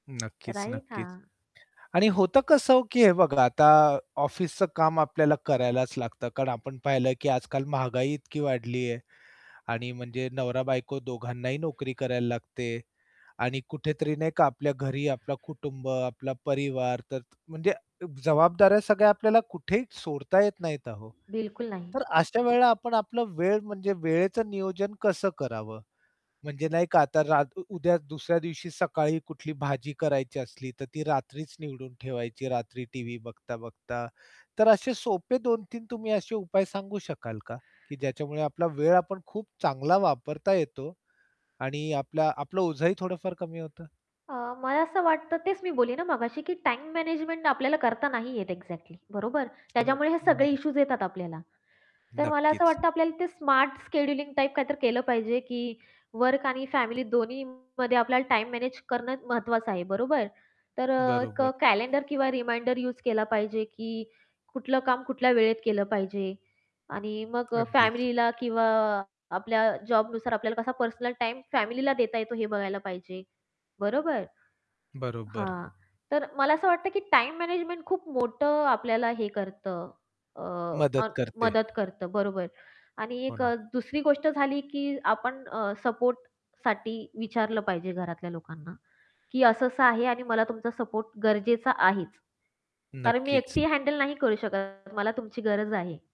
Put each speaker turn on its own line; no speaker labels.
नक्कीच,
राईट.
नक्कीच
हा.
आणि होतं कसं, की हे बघा आता ऑफिसचं काम आपल्याला करायलाच लागतं. कारण आपण पाहिलं, की आजकाल महागाई इतकी वाढली आहे आणि म्हणजे नवरा-बायको दोघांनाही नोकरी करायला लागते. आणि कुठेतरी नाही का आपल्या घरी आपला कुटुंब, आपला परिवार तर त म्हणजे जबाबदाऱ्या सगळ्या आपल्याला कुठेही सोडता येत नाहीत आहो.
बिलकुल नाही.
तर अशा वेळेला आपण आपलं वेळ म्हणजे वेळेचं नियोजन कसं करावं? म्हणजे नाही का आता रात उद्या दुसऱ्या दिवशी सकाळी कुठली भाजी करायची असली, तर ती रात्रीच निवडून ठेवायची, रात्री टीव्ही बघता, बघता. तर असे सोपे 2-3 तुम्ही असे उपाय सांगू शकाल का? की ज्याच्यामुळे आपला वेळ आपण खूप चांगला वापरता येतो आणि आपला आपलं ओझंही थोडंफार कमी होतं.
अ, मला असं वाटतं तेच मी बोली ना मघाशी, की टाईम मॅनेजमेंट आपल्याला करता नाही येत एक्झॅक्टली. बरोबर?
हो,
त्याच्यामुळे हे सगळे
आणि
इश्यूज येतात आपल्याला. तर मला असं
नक्कीच.
वाटतं, आपल्याला ते स्मार्ट शेड्यूलिंग टाइप काहीतरी केलं पाहिजे, की वर्क आणि फॅमिली दोन्हीमध्ये आपल्याला टाईम मॅनेज करणं महत्त्वाचं आहे. बरोबर? तर अ, एक
बरोबर.
कॅलेंडर किंवा रिमाइंडर यूज केला पाहिजे, की कुठलं काम कुठल्या वेळेत केलं पाहिजे आणि मग
अगदीच.
फॅमिलीला किंवा आपल्या जॉबनुसार आपल्याला कसा पर्सनल टाईम फॅमिलीला देता येतो, हे बघायला पाहिजे. बरोबर.
बरोबर.
हां, तर मला असं वाटतं, की टाईम मॅनेजमेंट खूप मोठं आपल्याला हे करतं. अ,
मदत करते.
मदत करतं. बरोबर आणि
हो
एक
ना.
अ, दुसरी गोष्ट झाली, की आपण अ, सपोर्टसाठी विचारलं पाहिजे घरातल्या लोकांना, की असं-असं आहे आणि मला तुमचा सपोर्ट गरजेचा आहेच, कारण मी
नक्कीच.
एकटी हँडल नाही करू शकत. मला तुमची गरज आहे.